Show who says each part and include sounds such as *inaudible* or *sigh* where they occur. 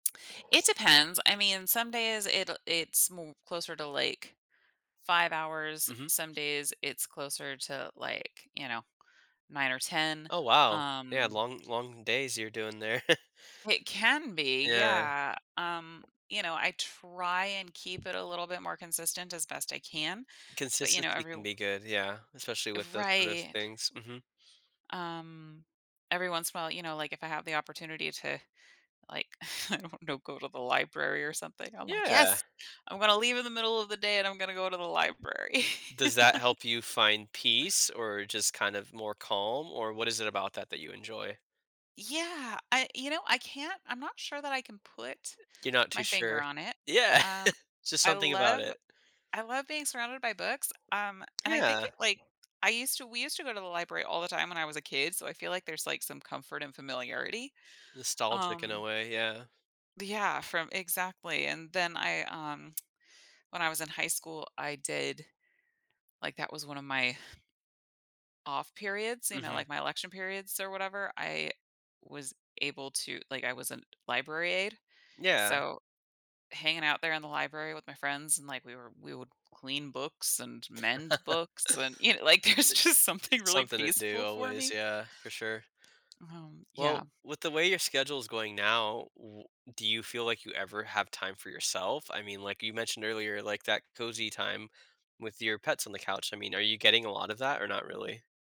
Speaker 1: It depends. I mean, some days, it'll it's mo closer to, like, 5 hours.
Speaker 2: Mhm.
Speaker 1: Some days, it's closer to, like, you know, 9 or 10.
Speaker 2: Oh, wow. Yeah.
Speaker 1: Um
Speaker 2: Long long days you're doing there. *chuckles*
Speaker 1: It can be.
Speaker 2: Yeah.
Speaker 1: Yeah. Um, you know, I try and keep it a little bit more consistent as best I can, but, you know,
Speaker 2: Consistency
Speaker 1: every
Speaker 2: can be good, yeah, especially with those sort of
Speaker 1: Right.
Speaker 2: things, mhm.
Speaker 1: Um, every once in while, know, like if I have the opportunity to, like, I don't know, go to the library or something, I'm like,
Speaker 2: Yeah.
Speaker 1: "Yes, I'm gonna leave in the middle of the day and I'm gonna go to the library."
Speaker 2: Does that
Speaker 1: *laughs*
Speaker 2: help you find peace or just kind of more calm, or what is it about that that you enjoy?
Speaker 1: Yeah. I you know, I can't I'm not sure that I can put
Speaker 2: You're not too
Speaker 1: my finger
Speaker 2: sure.
Speaker 1: on it,
Speaker 2: Yeah.
Speaker 1: um,
Speaker 2: *laughs* Just
Speaker 1: I
Speaker 2: something about
Speaker 1: love
Speaker 2: it.
Speaker 1: I love being surrounded by books. Um, and I think
Speaker 2: Yeah.
Speaker 1: it like I used to we used to go to the library all the time when I was a kid, so I feel like there's like some comfort and familiarity,
Speaker 2: Nostalgic in a
Speaker 1: um
Speaker 2: way, yeah.
Speaker 1: Yeah, from Exactly, and then I, um, when I was in high school, I did like, that was one of my off periods, you know,
Speaker 2: Mhm.
Speaker 1: like my election periods or whatever. I was able to like, I was a library aide,
Speaker 2: Yeah.
Speaker 1: so hanging out there in the library with my friends and like we were we would clean books and
Speaker 2: *laughs* I
Speaker 1: mend books and, you know, like, there's just
Speaker 2: i
Speaker 1: something
Speaker 2: it's
Speaker 1: really
Speaker 2: something to do
Speaker 1: peaceful for
Speaker 2: always,
Speaker 1: me.
Speaker 2: yeah, for sure.
Speaker 1: Um,
Speaker 2: Well,
Speaker 1: yeah.
Speaker 2: with the way your schedule is going now, w do you feel like you ever have time for yourself? I mean, like you mentioned earlier, like, that cozy time with your pets on the couch. I mean, are you getting a lot of that or not really?